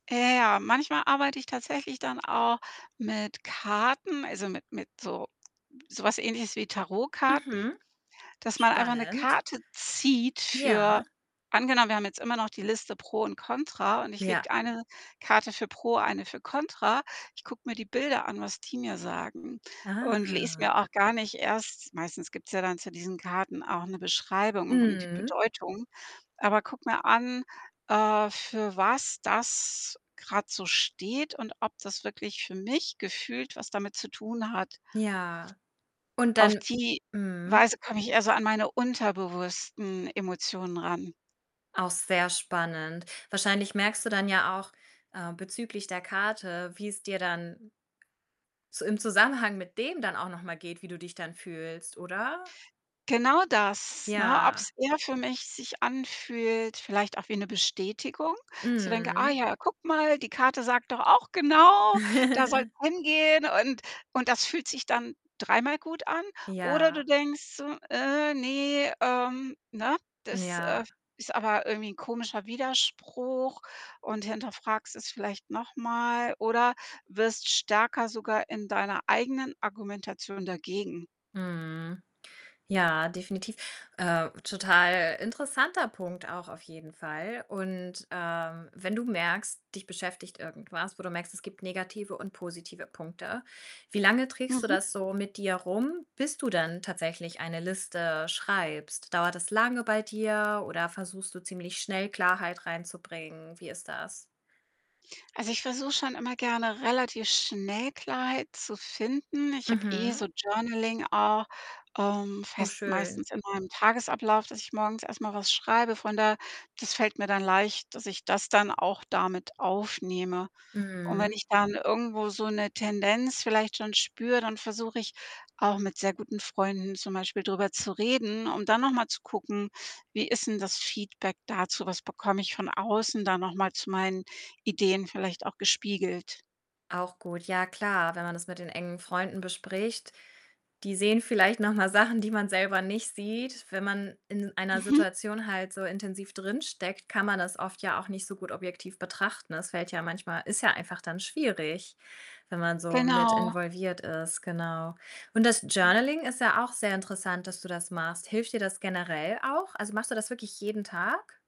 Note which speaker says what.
Speaker 1: Ja, ja, manchmal arbeite ich tatsächlich dann auch mit Karten, also, mit mit so so was ähnliches wie Tarotkarten,
Speaker 2: Mhm.
Speaker 1: dass man einfach 'ne
Speaker 2: Spannend.
Speaker 1: Karte zieht
Speaker 2: Ja.
Speaker 1: für angenommen, wir haben jetzt immer noch die Liste Pro und Kontra und ich
Speaker 2: Ja.
Speaker 1: lege 1 Karte für Pro, 1 für Kontra. Ich gucke mir die Bilder an, was die mir sagen und lese
Speaker 2: Ah.
Speaker 1: mir auch gar nicht erst meistens gibt's ja dann zu diesen Karten auch 'ne Beschreibung und und die
Speaker 2: Mhm.
Speaker 1: Bedeutung aber gucke mir an, äh, für was das grad so steht und ob das wirklich für mich gefühlt was damit zu tun hat.
Speaker 2: Ja, und
Speaker 1: Auf
Speaker 2: dann
Speaker 1: die
Speaker 2: mhm.
Speaker 1: Weise komme ich eher so an meine unterbewussten Emotionen ran.
Speaker 2: Auch sehr spannend. Wahrscheinlich merkst du dann ja auch, äh, bezüglich der Karte, wie es dir dann so im Zusammenhang mit dem dann auch noch mal geht, wie du dich dann fühlst, oder?
Speaker 1: Genau das, ne,
Speaker 2: Ja.
Speaker 1: ob's eher für mich sich anfühlt, vielleicht auch wie 'ne Bestätigung, dass ich so denke: „Ah
Speaker 2: Mhm.
Speaker 1: ja, gucke mal, die Karte sagt doch auch genau, da soll's hingehen.“ Und und das fühlt sich dann dreimal gut an. Oder du
Speaker 2: Ja.
Speaker 1: denkst so: „Äh, ne, ähm, ne? Das, äh,
Speaker 2: Ja.
Speaker 1: ist aber irgendwie 'n komischer Widerspruch.“, und hinterfragst es vielleicht noch mal oder wirst stärker sogar in deiner eigenen Argumentation dagegen.
Speaker 2: Mhm. Ja, definitiv. Äh, total interessanter Punkt auch auf jeden Fall. Und, ähm, wenn du merkst, dich beschäftigt irgendwas, wo du merkst, es gibt negative und positive Punkte, wie lange trägst du
Speaker 1: Mhm.
Speaker 2: das so mit dir rum, bis du dann tatsächlich eine Liste schreibst? Dauert das lange bei dir oder versuchst du ziemlich schnell Klarheit reinzubringen? Wie ist das?
Speaker 1: Also, ich versuche schon immer gerne, relativ schnell Klarheit zu finden. Ich habe eh
Speaker 2: Mhm.
Speaker 1: so Journaling auch, ähm,
Speaker 2: Oh
Speaker 1: fest
Speaker 2: schön.
Speaker 1: meistens in meinem Tagesablauf, dass ich morgens erst mal was schreibe. Von daher, das fällt mir dann leicht, dass ich das dann auch da mit aufnehme. Und wenn
Speaker 2: Mhm.
Speaker 1: ich dann irgendwo so 'ne Tendenz vielleicht schon spüre, dann versuche ich auch, mit sehr guten Freunden zum Beispiel drüber zu reden, um dann noch mal zu gucken, wie ist 'n das Feedback dazu? Was bekomme ich von außen da noch mal zu meinen Ideen vielleicht auch gespiegelt?
Speaker 2: Auch gut. Ja, klar, wenn man das mit den engen Freunden bespricht, die sehen vielleicht noch mal Sachen, die man selber nicht sieht. Wenn man in einer
Speaker 1: Mhm.
Speaker 2: Situation halt so intensiv drin steckt, kann man das oft ja auch nicht so gut objektiv betrachten. Das fällt ja manchmal ist ja einfach dann schwierig, wenn man so mit
Speaker 1: Genau.
Speaker 2: involviert ist, genau. Und das
Speaker 1: [unintelligible]
Speaker 2: Journaling ist ja auch sehr interessant, dass du das machst. Hilft dir das generell auch? Also, machst du das wirklich jeden Tag?